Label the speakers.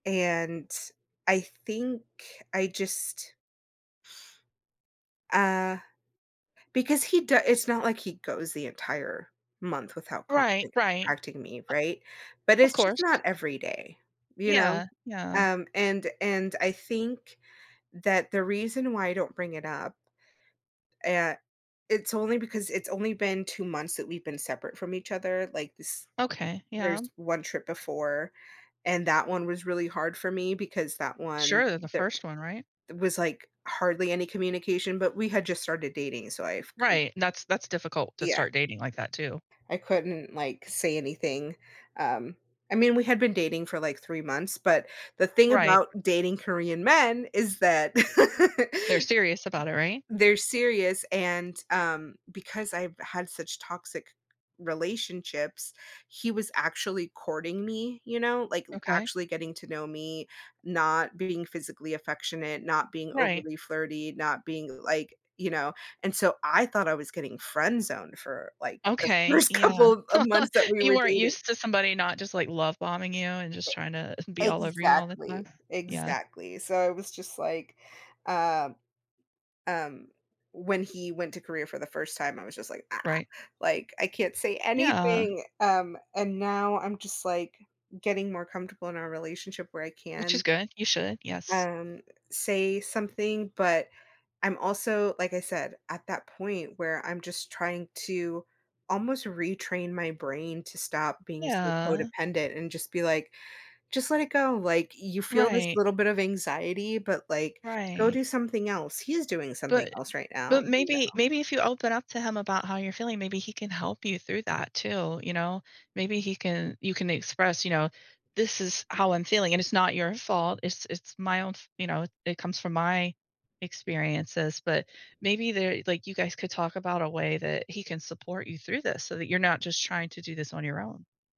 Speaker 1: And I think I just uh, because he do it's not like he goes the entire month without
Speaker 2: Right,
Speaker 1: contact
Speaker 2: right.
Speaker 1: contacting me, right? But
Speaker 2: O of
Speaker 1: it's just
Speaker 2: course.
Speaker 1: not every day, you know?
Speaker 2: Yeah, yeah.
Speaker 1: Um, and and I think that the reason why I don't bring it up uh, it's only because it's only been 2 months that we've been separate from each other, like, s
Speaker 2: Okay, yeah.
Speaker 1: there's 1 trip before, and that one was really hard for me because that one
Speaker 2: Sure, the
Speaker 1: there
Speaker 2: 1st one, right?
Speaker 1: was, like, hardly any communication, but we had just started dating, so I've cou
Speaker 2: Right, that's that's difficult to
Speaker 1: Yeah.
Speaker 2: start dating like that, too.
Speaker 1: I couldn't, like, say anything. Um, I mean, we had been dating for, like, 3 months, but, the thing
Speaker 2: Right.
Speaker 1: about dating Korean men, is that
Speaker 2: They're serious about it, right?
Speaker 1: they're serious, and, um, because I've had such toxic relationships, he was actually courting me, you know, like,
Speaker 2: Okay.
Speaker 1: actually getting to know me, not being physically affectionate, not being
Speaker 2: Right.
Speaker 1: overly flirty, not being, like, you know, and so I thought I was getting friend zoned for like, the
Speaker 2: Okay.
Speaker 1: 1st couple
Speaker 2: Yeah.
Speaker 1: of of months that we
Speaker 2: You
Speaker 1: were
Speaker 2: weren't
Speaker 1: dating.
Speaker 2: used to somebody not just, like, love bombing you and
Speaker 1: E
Speaker 2: just tryna be all over you all the time.
Speaker 1: exactly,
Speaker 2: Yeah.
Speaker 1: exactly. So, I was just like uh, um, when he went to Korea for the first time, I was just like, "Ah."
Speaker 2: Right.
Speaker 1: Like, "I can't say
Speaker 2: Yeah.
Speaker 1: anything." Um, and now I'm just like, getting more comfortable in our relationship where I
Speaker 2: Which is
Speaker 1: can
Speaker 2: good, you should. Yes.
Speaker 1: um, say something, but I'm also like I said, at that point where I'm just trying to almost retrain my brain to stop being so
Speaker 2: Yeah.
Speaker 1: codependent and just be like, "Just let it go, like, you feel this
Speaker 2: Right.
Speaker 1: little bit of anxiety, but, like, go
Speaker 2: Right.
Speaker 1: do something else. He's doing something
Speaker 2: But
Speaker 1: else right now."
Speaker 2: but,
Speaker 1: You
Speaker 2: maybe
Speaker 1: know?
Speaker 2: maybe if you open up to him about how you're feeling, maybe he can help you through that, too, you know? Maybe he can you can express, you know, "This is how I'm feeling and it's not your fault, it's it's my own f you know, it comes from my experiences." But, maybe they're like, you guys could talk about a way that he can support you through this so that you're not just trying to do this on your own.